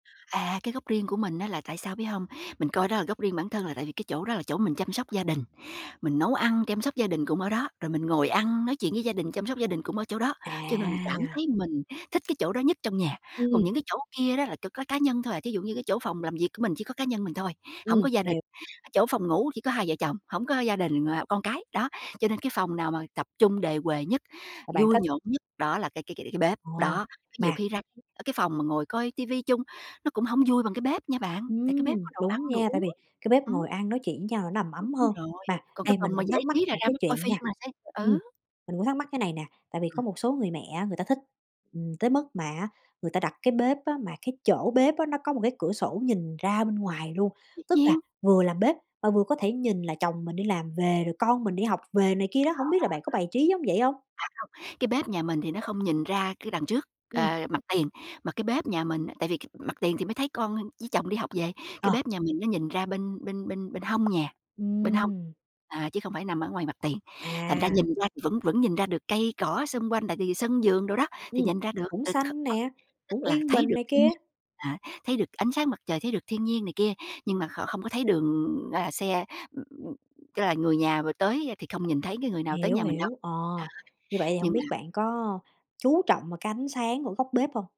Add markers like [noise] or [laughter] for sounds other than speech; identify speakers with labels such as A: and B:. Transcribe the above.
A: À, cái góc riêng của mình á là tại sao, biết hông, mình coi đó là góc riêng bản thân là tại vì cái chỗ đó là chỗ mình chăm sóc gia đình, mình nấu ăn, chăm sóc gia đình cũng ở đó, rồi mình ngồi ăn, nói chuyện với gia đình, chăm sóc gia đình cũng ở chỗ đó, cho nên mình cảm
B: À!
A: thấy mình thích cái chỗ đó nhất trong nhà. Còn
B: Ừm.
A: những cái chỗ kia đó là chỉ có cá nhân thôi, à, thí dụ như cái chỗ phòng làm việc của mình chỉ có cá nhân mình thôi, hổng
B: Ừm,
A: có gia đình,
B: hiểu.
A: chỗ phòng ngủ chỉ có hai vợ chồng, hổng có gia đình và con cái, đó, cho nên cái phòng nào mà tập trung đề huề nhất,
B: Mà bạn
A: vui
B: thích.
A: nhộn nhất đó là cái cái cái cái bếp.
B: Ồ!
A: Đó, nhiều
B: Mà
A: khi ra, ơ, cái phòng mà ngồi coi ti vi chung nó cũng hổng vui bằng cái bếp nha bạn, tại cái bếp
B: Ừm,
A: có đồ ăn,
B: đúng
A: đồ
B: nha, tại
A: uống.
B: vì cái bếp ngồi
A: Ừm.
B: ăn nói chuyện với nhau là nó đầm
A: Đúng
B: ấm hơn.
A: rồi,
B: Mà
A: còn cái
B: đây mình
A: phòng mà
B: cũng
A: giải
B: thắc mắc
A: trí là
B: một
A: ra
B: cái
A: mới coi
B: chuyện
A: phim
B: nha,
A: là sẽ
B: ừm,
A: ờ.
B: mình cũng thắc mắc cái này nè, tại vì
A: Ừm.
B: có một số người mẹ á người ta thích, ừm, tới mức mà á người ta đặt cái bếp á mà cái chỗ bếp á nó có một cái cửa sổ nhìn ra bên ngoài luôn,
A: Dĩ
B: tức là
A: nhiên.
B: vừa làm bếp mà vừa có thể nhìn là chồng mình đi làm về, rồi con mình đi học về này kia
A: À.
B: đó,
A: À,
B: hổng biết là bạn có bài trí giống vậy hông?
A: không, cái bếp nhà mình thì nó không nhìn ra cái đằng trước,
B: Ừm.
A: ờ, mặt tiền, mà cái bếp nhà mình tại vì cái mặt tiền thì mới thấy con với chồng đi học về, cái
B: Ờ.
A: bếp nhà mình nó nhìn ra bên bên bên bên hông nhà, bên hông,
B: Ừm.
A: à, chứ không phải nằm ở ngoài mặt tiền. Thành ra
B: À.
A: nhìn ra thì vẫn vẫn nhìn ra được cây cỏ xung quanh, tại vì sân vườn đồ đó, thì
B: Ừm.
A: nhìn ra được,
B: Cũng
A: ừ,
B: xanh
A: [unintelligible]
B: nè,
A: tức
B: cũng
A: là
B: yên
A: thấy
B: bình
A: được
B: này
A: thiên
B: kia.
A: nhiên, à, thấy được ánh sáng mặt trời, thấy được thiên nhiên này kia, nhưng mà kh không có thấy đường gara xe, ừm, tức là người nhà vừa tới, a, thì không nhìn thấy cái người nào tới
B: Hiểu,
A: nhà mình đâu.
B: hiểu, ờ, như
A: Đó,
B: vậy thì hổng
A: nhưng
B: biết
A: mà
B: bạn có chú trọng vào cái ánh sáng của góc bếp hông?